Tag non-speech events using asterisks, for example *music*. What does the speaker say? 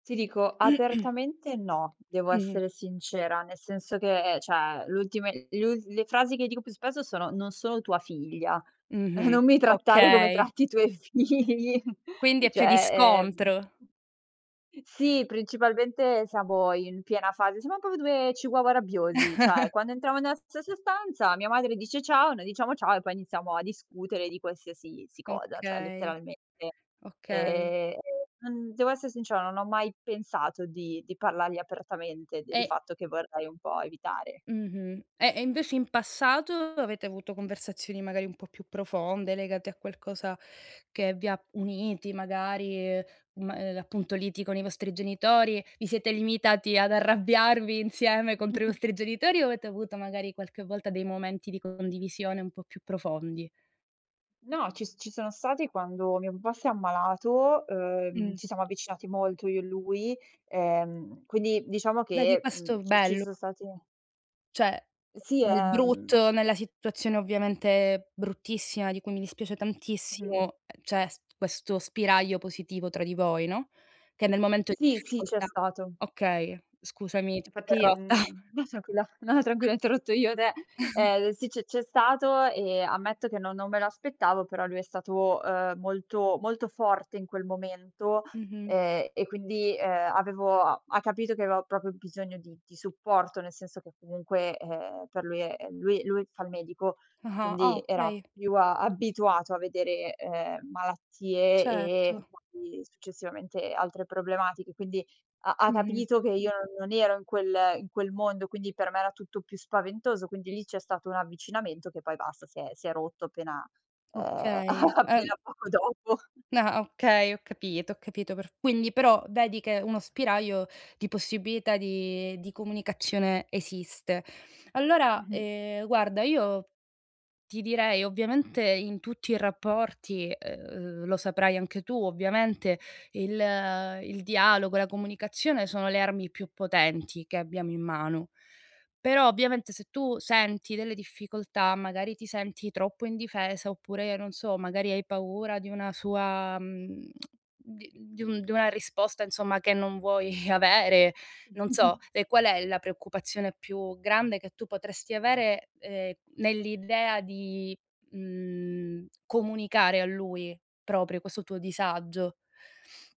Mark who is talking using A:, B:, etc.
A: Ti dico,
B: *clears throat*
A: apertamente no, devo
B: Mh-mh.
A: essere sincera, nel senso che ehm, cioè, l'ultime l'ul le frasi che dico più spesso sono: "Non sono tua figlia. *chuckles*
B: Mh-mh,
A: non mi trattare come
B: okay.
A: tratti i tuoi figli." *chuckles*
B: Quindi è più di
A: Cioè, ehm
B: scontro.
A: *chuckles* sì, principalmente siamo in piena fase siamo proprio 2 chihuahua rabbiosi, cioè
B: *chuckles*
A: quando entriamo nella stessa stanza mia madre dice: "Ciao". Noi diciamo: "Ciao", e poi iniziamo a discutere di qualsiasi si cosa, cioè
B: Okay,
A: letteralmente,
B: okay.
A: ehm, non devo esse sincera, non ho mai pensato di di parlargli apertamente del
B: E
A: fatto che vorrei un po' evitare.
B: Mh-mh. Eh, e invece in passato avete avuto conversazioni magari un po' più profonde, legate a qualcosa che vi ha uniti magari, uhm, ma e l'appunto liti con i vostri genitori? Vi siete limitati ad arrabbiarvi insieme contro i
A: *chuckles*
B: vostri genitori o avete avuto magari, qualche volta, dei momenti di condivisione un po' più profondi?
A: No, ci s ci sono stati quando mio papà s'è ammalato, uhm,
B: Mh.
A: ci siamo avvicinati molto io e lui, ehm, quindi, diciamo
B: Dai di
A: che, mhmm,
B: questo
A: ci ci
B: bello
A: son stati
B: Cioè,
A: E sì,
B: nel
A: ehm
B: brutto nella situazione ovviamente bruttissima di cui mi dispiace
A: Mh-mh.
B: tantissimo, ehm, c'è s questo spiraglio positivo tra di voi, no, che nel momento di
A: Sì, sì, c'è
B: difficoltà
A: stato.
B: okay, scusami, ti ho
A: Infatti,
B: interrotta.
A: mhmm no tranquilla, no, no tranquilla ho interrotto io te.
B: *chuckles*
A: Ehm, sì c'è c'è stato e ammetto che non non me l'aspettavo, però lui è stato, uhm, molto molto forte in quel momento.
B: Mh-mh.
A: Ehm, e quindi, ehm, avevo a ha capito che avevo proprio bisogno di di supporto, nel senso che comunque, ehm, per lui, ehm lui lui fa il medico,
B: Ah-ah. Ah,
A: quindi era
B: okay.
A: più a abituato a vedere, ehm, malattie e
B: Certo.
A: poi, successivamente, altre problematiche. Quindi ha ha
B: Mh-mh.
A: capito che io non non ero in quel in quel mondo, quindi per me era tutto più spaventoso. Quindi lì c'è stato un avvicinamento che poi basta si è si è rotto appena, ehm a
B: Okay. Ehm
A: appena poco dopo.
B: Na ah, okay, ho capito ho capito perf quindi però vedi che uno spiraglio di possibilità di di comunicazione esiste. Allora,
A: Mh-mh.
B: ehm, guarda, io ti direi ovviamente in tutti i rapporti, uhm, lo saprai anche tu ovviamente, il il dialogo e la comunicazione sono le armi più potenti che abbiamo in mano. Però, ovviamente, se tu senti delle difficoltà, magari ti senti troppo indifesa oppure, non so, magari hai paura di una sua, mhmm *tsk* di di un di una risposta, insomma, che non vuoi avere, non so,
A: *chuckles*
B: e qual è la preoccupazione più grande che tu potresti avere, ehm, nell'idea di, mhmm, comunicare a lui proprio questo tuo disagio?